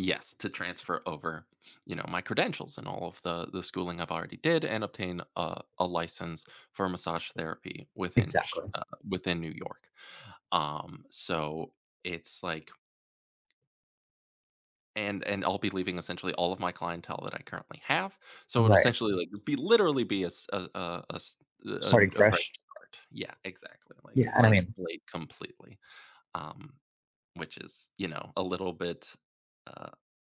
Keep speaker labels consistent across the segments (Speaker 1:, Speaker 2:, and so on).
Speaker 1: Yes, to transfer over, you know, my credentials and all of the the schooling I've already did and obtain a a license for massage therapy within ch
Speaker 2: Exactly.
Speaker 1: uh, within New York. Um, so it's like And and I'll be leaving essentially all of my clientele that I currently have, so it'll
Speaker 2: Right.
Speaker 1: essentially, like, be literally be a s a a a s uh,
Speaker 2: Starting
Speaker 1: und a fresh
Speaker 2: fresh.
Speaker 1: start. Yeah, exactly, like,
Speaker 2: Yeah, I don't
Speaker 1: blank
Speaker 2: mean
Speaker 1: slate completely, um, which is, you know, a little bit, uh,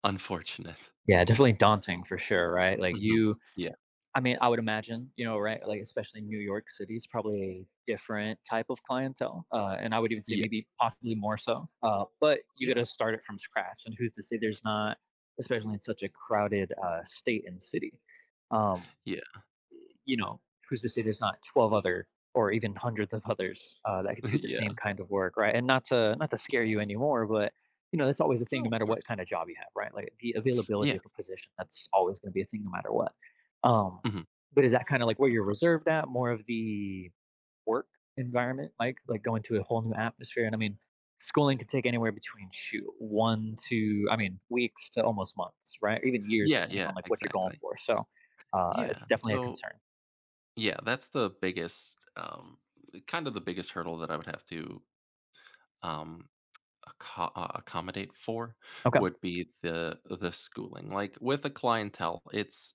Speaker 1: unfortunate.
Speaker 2: Yeah, definitely daunting for sure, right? Like
Speaker 1: Mhm.
Speaker 2: you
Speaker 1: Yeah.
Speaker 2: I mean, I would imagine, you know, right? Like, especially in New York City, it's probably a different type of clientele, uh, and I would even say
Speaker 1: Yeah.
Speaker 2: maybe possibly more so, uh, but you
Speaker 1: Yeah.
Speaker 2: gotta start it from scratch, and who's to say there's not especially in such a crowded, uh, state and city, um
Speaker 1: Yeah.
Speaker 2: You know, who's to say there's not 12 other or even hundreds of others, uh, that could do the
Speaker 1: Yeah.
Speaker 2: same kind of work, right? And not to not to scare you anymore, but, you know, that's always a thing
Speaker 1: No,
Speaker 2: no
Speaker 1: of
Speaker 2: matter what
Speaker 1: course.
Speaker 2: kind of job you have, right? Like, the availability
Speaker 1: Yeah.
Speaker 2: of a position, that's always gonna be a thing no matter what. Um,
Speaker 1: Mhm.
Speaker 2: but is that kinda like where
Speaker 1: Of
Speaker 2: you're
Speaker 1: course.
Speaker 2: reserved at, more of the work environment, like like going to a whole new atmosphere? And I mean, schooling could take anywhere between, shoot, one to I mean, weeks to almost months, right? Even years,
Speaker 1: Yeah,
Speaker 2: depending
Speaker 1: yeah,
Speaker 2: on, like, what you're going
Speaker 1: exactly.
Speaker 2: for, so, uh, it's
Speaker 1: Yeah,
Speaker 2: definitely a
Speaker 1: so
Speaker 2: concern.
Speaker 1: Yeah, that's the biggest, um kind of the biggest hurdle that I would have to, um, acco uh accommodate for
Speaker 2: Okay.
Speaker 1: would be the the schooling. Like, with a clientele, it's